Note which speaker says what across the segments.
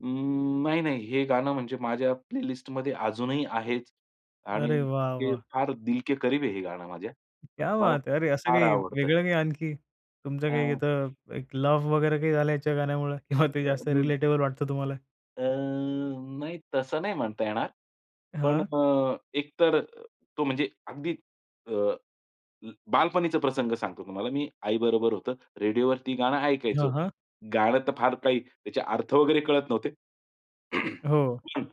Speaker 1: अ, नाही, नाही. हे गाणं म्हणजे माझ्या प्लेलिस्टमध्ये अजूनही आहेच आणि
Speaker 2: अरे वाह,
Speaker 1: ते
Speaker 2: वाह!
Speaker 1: फार दिल के करीब आहे हे गाणं माझ्या.
Speaker 2: क्या
Speaker 1: मला
Speaker 2: बात है! अरे, असं
Speaker 1: फार
Speaker 2: काही
Speaker 1: आवडतं.
Speaker 2: वेगळं काही आणखी? तुमचं काही
Speaker 1: हं.
Speaker 2: इथं, एक लव्ह वगैरे काही झालंय, याच्या गाण्यामुळे किंवा ते
Speaker 1: अ,
Speaker 2: जास्त
Speaker 1: हं.
Speaker 2: रिलेटेबल वाटतं तुम्हाला?
Speaker 1: अ, नाही तसं नाही म्हणता येणार. पण
Speaker 2: हां.
Speaker 1: अ, एक तर तो म्हणजे अगदी अ, ल बालपणीचा प्रसंग सांगतो तुम्हाला मी. आई बरोबर होतो. रेडिओवरती गाणं
Speaker 2: हां,
Speaker 1: ऐकायचो.
Speaker 2: हां.
Speaker 1: गाणं तर फार काही त्याचे अर्थ वगैरे कळत नव्हते.
Speaker 2: हो.
Speaker 1: हं.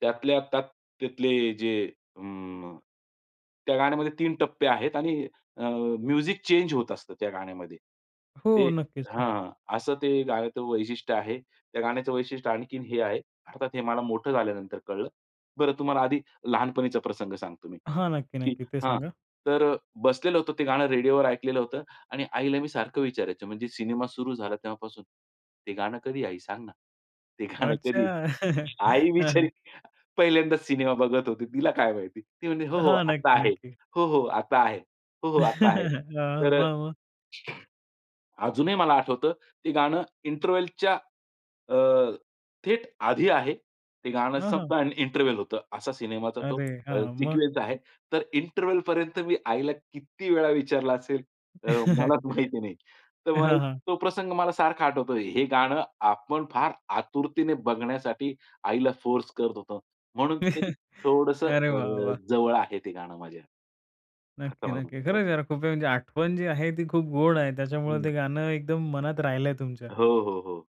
Speaker 1: त्यातल्या त्यात त्यातले जे म त्या गाण्यामध्ये 3 टप्पे आहेत आणि अ म्युझिक चेंज होत असतं त्या गाण्यामध्ये.
Speaker 2: हो.
Speaker 1: ते
Speaker 2: नक्कीच. हां.
Speaker 1: हां. असं ते गाण्याचं वैशिष्ट्य आहे. त्या गाण्याचं वैशिष्ट्य आणखीन हे आहे. अर्थात हे मला मोठं झाल्यानंतर कळलं. बरं तुम्हाला आधी लहानपणीचा प्रसंग सांगतो मी.
Speaker 2: हां. नक्की,
Speaker 1: की
Speaker 2: नक्की. ते
Speaker 1: हां,
Speaker 2: सांगा.
Speaker 1: तर अ, बसलेलं होतं ते गाणं रेडिओवर ऐकलेलं होतं आणि आईला मी सारखं विचारायचो म्हणजे सिनेमा सुरू झाला तेव्हापासून. "ते गाणं कधी आहे आई सांग ना? ते गाणं कधी
Speaker 2: अच्छा.
Speaker 1: आहे?' आई
Speaker 2: हं,
Speaker 1: बिचारी
Speaker 2: हं.
Speaker 1: पहिल्यांदाच सिनेमा बघत होती. तिला काय माहिती. ती म्हणली, 'हो, हो
Speaker 2: हां.
Speaker 1: आता
Speaker 2: नक्की
Speaker 1: आहे.
Speaker 2: नक्की.
Speaker 1: हो हो आता आहे. हो, हो आता आहे.'
Speaker 2: हां,
Speaker 1: तर अ,
Speaker 2: मग, मग.
Speaker 1: अजूनही मला आठवतं ते गाणं इंटरव्हलच्या अ, थेट आधी आहे. ते गाणं
Speaker 2: हं,
Speaker 1: संपतं
Speaker 2: हं.
Speaker 1: आणि इंटरव्हल होतं. असा सिनेमाचा तो
Speaker 2: अरे
Speaker 1: अ,
Speaker 2: हां. मग.
Speaker 1: सिक्वेन्स आहे. तर इंटरव्हेलपर्यंत मी आईला किती वेळा विचारलं असेल, अ, मलाच माहिती नाही. तर मग
Speaker 2: हां, हां.
Speaker 1: तो प्रसंग मला सारखा आठवतो. हे गाणं आपण फार आतुरतेने बघण्यासाठी आईला फोर्स करत होतो. म्हणून ते थोडंसं
Speaker 2: अरे वाह
Speaker 1: अ,
Speaker 2: वाह!
Speaker 1: जवळ आहे ते गाणं माझ्या. असं
Speaker 2: नक्की,
Speaker 1: मला
Speaker 2: नक्की.
Speaker 1: वाटतं.
Speaker 2: खरं-खरं खूप आहे, म्हणजे आठवण जी आहे, ती खूप गोड आहे. त्याच्यामुळं ते
Speaker 1: हं.
Speaker 2: गाणं एकदम मनात राहिलंय तुमच्या.
Speaker 1: हो, हो, हो.